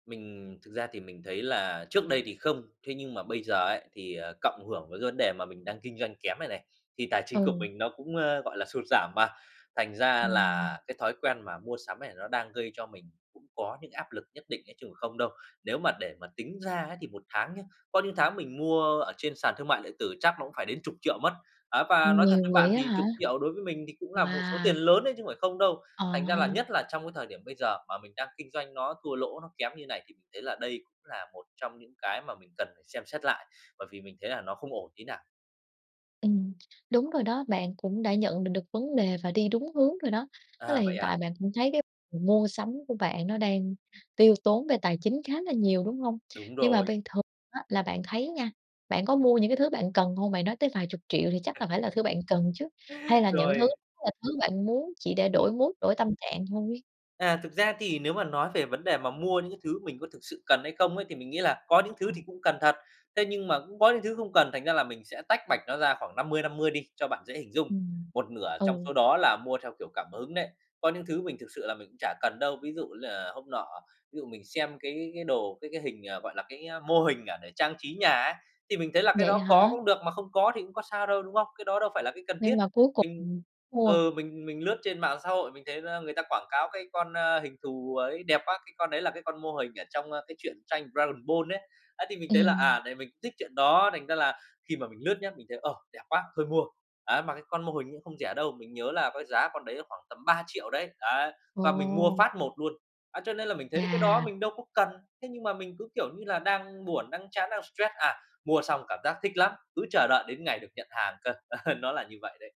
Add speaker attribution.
Speaker 1: Mình thực ra thì mình thấy là trước đây thì không, thế nhưng mà bây giờ ấy, thì, à, cộng hưởng với cái vấn đề mà mình đang kinh doanh kém này này, thì tài chính của
Speaker 2: Ừ.
Speaker 1: mình nó cũng, ơ, gọi là, sụt giảm mà. Thành ra
Speaker 2: Ừm.
Speaker 1: là cái thói quen mà mua sắm này, nó đang gây cho mình cũng có những áp lực nhất định ấy chứ cũng không đâu. Nếu mà để mà tính ra ấy thì 1 tháng nhá, có những tháng mình mua ở trên sàn thương mại điện tử chắc nó cũng phải đến chục triệu mất. Á và nói thật với
Speaker 2: Nhiều vậy
Speaker 1: bạn,
Speaker 2: á
Speaker 1: thì
Speaker 2: hả?
Speaker 1: chục triệu đối với mình thì cũng là một số
Speaker 2: Wow!
Speaker 1: tiền lớn ấy chứ phải không đâu,
Speaker 2: Ờ
Speaker 1: thành ra là
Speaker 2: ha.
Speaker 1: nhất là trong cái thời điểm bây giờ mà mình đang kinh doanh nó thua lỗ, nó kém như này thì mình thấy là đây cũng là một trong những cái mà mình cần phải xem xét lại, bởi vì mình thấy là nó không ổn tí nào.
Speaker 2: Ừm, đúng rồi đó, bạn cũng đã nhận được được vấn đề và đi đúng hướng rồi đó. Tức là
Speaker 1: À, vậy
Speaker 2: hiện tại
Speaker 1: à?
Speaker 2: bạn cũng thấy cái m mua sắm của bạn, nó đang tiêu tốn về tài chính khá là nhiều, đúng hông?
Speaker 1: Đúng
Speaker 2: Nhưng mà
Speaker 1: rồi.
Speaker 2: ban thường á là bạn thấy nha, bạn có mua những cái thứ bạn cần hông? Bạn nói tới vài chục triệu thì chắc là phải là thứ bạn cần chứ? Hay là những thứ
Speaker 1: Rồi.
Speaker 2: là thứ bạn muốn chỉ để đổi
Speaker 1: Ừm.
Speaker 2: mood, đổi tâm trạng thôi?
Speaker 1: À, thực ra thì nếu mà nói về vấn đề mà mua những cái thứ mình có thực sự cần hay không ấy, thì mình nghĩ là có những thứ
Speaker 2: Ừm.
Speaker 1: thì cũng cần thật. Thế nhưng mà cũng có những thứ không cần, thành ra là mình sẽ tách bạch nó ra khoảng 50-50 đi cho bạn dễ hình dung.
Speaker 2: Ừm,
Speaker 1: Một nửa trong
Speaker 2: ừ.
Speaker 1: số đó là mua theo, kiểu, cảm hứng đấy, có những thứ mình thực sự là mình cũng chả cần đâu. Ví dụ như là hôm nọ, ví dụ mình xem cái cái đồ cái cái hình, à, gọi là, cái, a, mô hình, à, để trang trí nhà á thì mình thấy là cái
Speaker 2: Vậy
Speaker 1: đó có
Speaker 2: hả?
Speaker 1: cũng được, mà không có thì cũng có sao đâu, đúng không? Cái đó đâu phải là cái cần thiết.
Speaker 2: Nhưng mà cuối cùng,
Speaker 1: Mình
Speaker 2: ừm, mua.
Speaker 1: ừ, mình mình lướt trên mạng xã hội mình thấy ra người ta quảng cáo cái con, ơ, hình thù ấy đẹp quá, cái con đấy là cái con mô hình ở trong, ơ, cái chuyện tranh Dragon Ball ấy. Á thì mình thấy là,
Speaker 2: Ừm.
Speaker 1: à, này mình thích chuyện đó, thành ra là khi mà mình lướt nhá, mình thấy: "Ờ, đẹp quá, thôi mua." Á, mà cái con mô hình cũng không rẻ đâu, mình nhớ là có giá con đấy, à, khoảng tầm 3.000.000 đấy, đấy, và mình mua
Speaker 2: Ồ.
Speaker 1: phát một luôn, á, cho nên là mình thấy là cái đó
Speaker 2: Chà!
Speaker 1: mình đâu có cần. Thế nhưng mà mình cứ, kiểu như là, đang buồn, đang chán, đang stress, à, mua xong cảm giác thích lắm, cứ chờ đợi đến ngày được nhận hàng cơ, nó là như vậy đấy.